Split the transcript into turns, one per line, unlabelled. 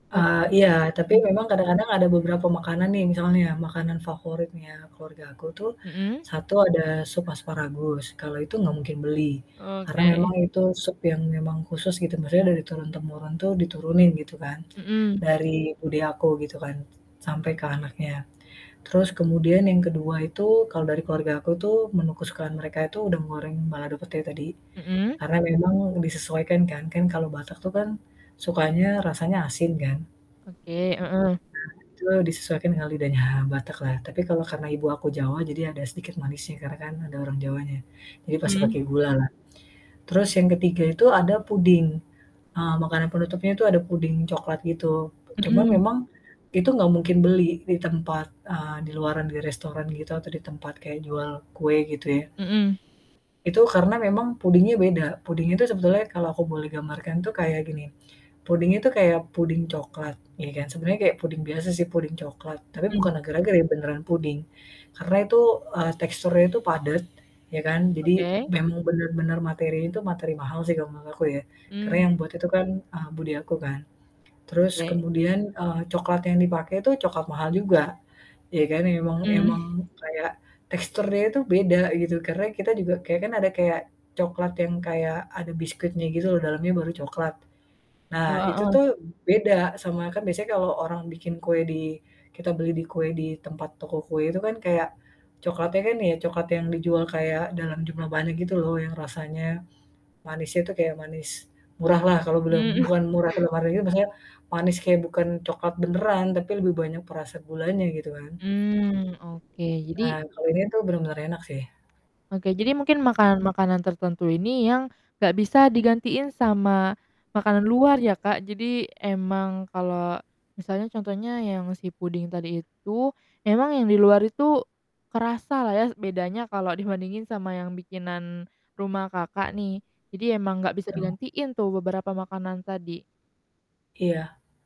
Oke,
Eee, iya tapi
hmm.
memang kadang-kadang ada beberapa makanan nih misalnya makanan favoritnya keluarga aku tuh,
Hmm.
1 ada sup asparagus, kalau itu enggak mungkin beli, karena
Oke.
memang itu sup yang memang khusus gitu maksudnya dari turun-temurun tuh diturunin gitu kan,
Hmm.
dari bude aku gitu kan, s sampai ke anaknya, terus kemudian yang ke-2 itu kalau dari keluarga aku tuh, menu kesukaan mereka itu udang goreng balado pete tadi,
Hmm.
karena memang disesuaikan kan. Kan kalau Batak tuh kan, sukanya rasanya asin kan?
Oke, heeh.
Nah itu disesuaikan dengan lidahnya Batak lah. Tapi kalau karena ibu aku Jawa jadi ada sedikit manisnya karena kan ada orang Jawanya. Jadi pasti
Mmm.
pakai gula lah. Terus yang ke-3 itu ada puding, eee, makanan penutupnya itu ada puding coklat gitu. Cuman
Hmm.
memang itu nggak mungkin beli di tempat, eee, di luaran di restoran gitu atau di tempat kayak jual kue gitu ya.
Hmm.
Itu karena memang pudingnya beda, pudingnya itu sebetulnya kalau aku boleh gambarkan itu kayak gini. Pudingnya itu kayak pudding coklat ya kan. Sebenarnya kayak pudding biasa sih pudding coklat tapi
Hmm.
bukan agar-agar ya, beneran pudding, karena itu, eee, teksturnya itu padat ya kan, jadi
Oke.
memang bener-bener materinya tuh, materi mahal sih kalau menurut aku ya. Karena
Mmm.
yang buat itu kan, eee, bude aku kan, terus
Oke.
kemudian, eee, coklat yang dipakai itu coklat mahal juga, ya kan emang
Hmm.
emang kayak teksturnya itu beda gitu karena kita juga kayak kan ada kayak coklat yang kayak ada biskuitnya gitu loh dalamnya baru coklat. Nah
Oh,
itu
heeh.
tuh beda sama kan biasanya kalau orang bikin kue di kita beli di kue di tempat toko kue itu kan kayak coklatnya kan ya coklat yang dijual kayak dalam jumlah banyak gitu loh, yang rasanya manisnya tuh kayak manis murah lah kalau belum
Mmm.
bukan murah kedam ariu maksudnya manis kaya bukan coklat beneran tapi lebih banyak perasa gulanya gitu kan?
Mmm, oke,
Nah
jadi
kalau ini tuh bener-bener enak sih.
Oke jadi mungkin makanan-makanan tertentu ini yang nggak bisa digantiin sama makanan luar ya, Kak, jadi emang kalau misalnya contohnya yang si puding tadi itu, emang yang di luar itu kerasa lah ya s bedanya kalau dibandingin sama yang bikinan rumah, Kakak, nih jadi emang gak bisa
Betul.
digantiin tuh beberapa makanan tadi.
Iya